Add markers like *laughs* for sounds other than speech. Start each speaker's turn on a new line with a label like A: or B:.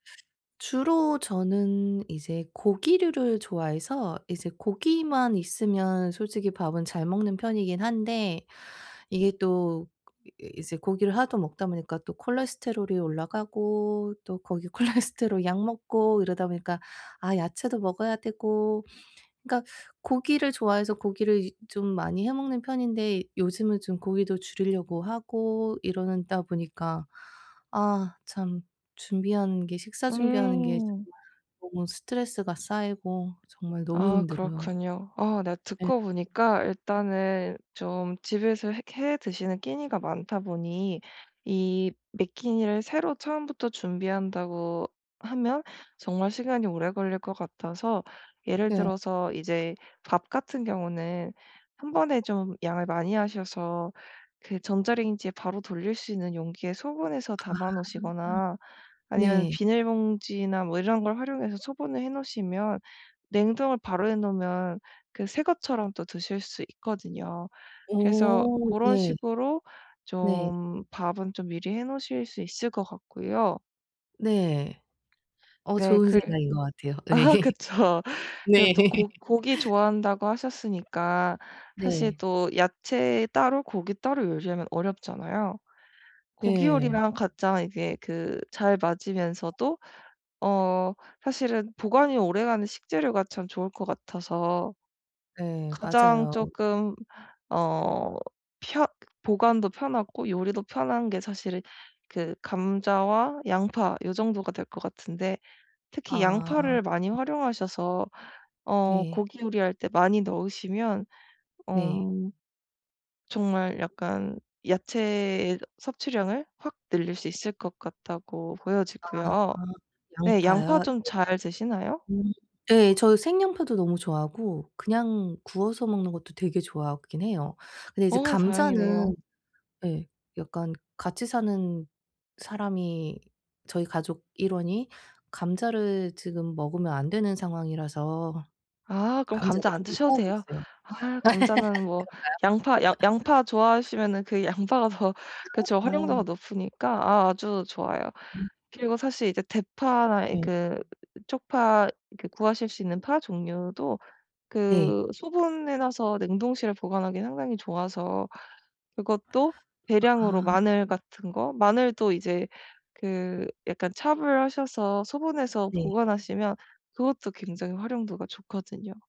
A: 주로 저는 이제 고기류를 좋아해서 이제 고기만 있으면 솔직히 밥은 잘 먹는 편이긴 한데 이게 또 이 이제 고기를 하도 먹다 보니까 또 콜레스테롤이 올라가고 또 거기에 콜레스테롤 약 먹고 이러다 보니까 아 야채도 먹어야 되고 그러니까 고기를 좋아해서 고기를 이제 좀 많이 해 먹는 편인데 요즘은 좀 고기도 줄이려고 하고 이러는 다 보니까 아 참 준비하는 게 식사 준비하는 게 정말
B: 음.
A: 너무 스트레스가 쌓이고 정말 너무
B: 아.
A: 힘들어요.
B: 그렇군요. 아 네
A: 예.
B: 듣고 보니까 일단은 좀 집에서 해 해 드시는 끼니가 많다 보니 이 매 끼니를 새로 처음부터 준비한다고 하면 정말 시간이 오래 걸릴 것 같아서 예를
A: 네.
B: 들어서 이제 밥 같은 경우는 1 번에 좀 양을 많이 하셔서 그 전자레인지에 바로 돌릴 수 있는 용기에 소분해서
A: 아.
B: 담아 놓으시거나 아니면
A: 네.
B: 비닐봉지나 뭐 이런 걸 활용해서 소분을 해 놓으시면 냉동을 바로 해 놓으면 그 새 것처럼 또 드실 수 있거든요. 그래서
A: 오.
B: 고런
A: 예.
B: 식으로
A: 네.
B: 좀 밥은 좀 미리 해 놓으실 수 있을 것 같고요.
A: 네. 어
B: 네.
A: 좋은
B: 글
A: 생각인 것 같아요. 예.
B: *laughs* 그쵸. 그리고
A: 네.
B: 또 고 고기
A: *laughs*
B: 좋아한다고 하셨으니까 사실
A: 네.
B: 또 야채 따로 고기 따로 요리하면 어렵잖아요. 고기
A: 네.
B: 요리랑 가장 이제 그 잘 맞으면서도 어 사실은 보관이 오래가는 식재료가 참 좋을 것 같아서
A: 네.
B: 가장
A: 맞아요.
B: 쪼끔 어 펴 보관도 편하고 요리도 편한 게 사실 그 감자와 양파 요 정도가 될 것 같은데 특히
A: 아.
B: 양파를 많이 활용하셔서 어
A: 네.
B: 고기 요리할 때 많이 넣으시면 어
A: 네.
B: 정말 약간 야채 섭취량을 확 늘릴 수 있을 것 같다고 보여지고요.
A: 아.
B: 네. 양파
A: 양파요?
B: 좀 잘 드시나요?
A: 네. 음 예. 저 생양파도 너무 좋아하고 그냥 구워서 먹는 것도 되게 좋아하긴 해요. 근데 이제
B: 어. 다행이네요.
A: 감자는 예 약간 같이 사는 사람이 저희 가족 일원이 감자를 지금 먹으면 안 되는 상황이라서
B: 아. 그럼 감자
A: 감자도
B: 안
A: 조금
B: 드셔도
A: 피하고
B: 돼요.
A: 있어요.
B: 아. 감자는 뭐 양파 양 양파
A: *laughs* 그런가요? *laughs*
B: 좋아하시면은 그 양파가 더 그쵸.
A: *unintelligible* 어.
B: 활용도가 높으니까 아 아주 좋아요.
A: 음.
B: 그리고 사실 이제 대파나 이
A: 예.
B: 그 쪽파 그 구하실 수 있는 파 종류도
A: 네.
B: 그 소분해 놔서 냉동실에 보관하기 상당히 좋아서 그것도 대량으로
A: 아.
B: 마늘 같은 거? 마늘도 이제 그 약간 chop을 하셔서 소분해서
A: 네.
B: 보관하시면 그것도 굉장히 활용도가 좋거든요.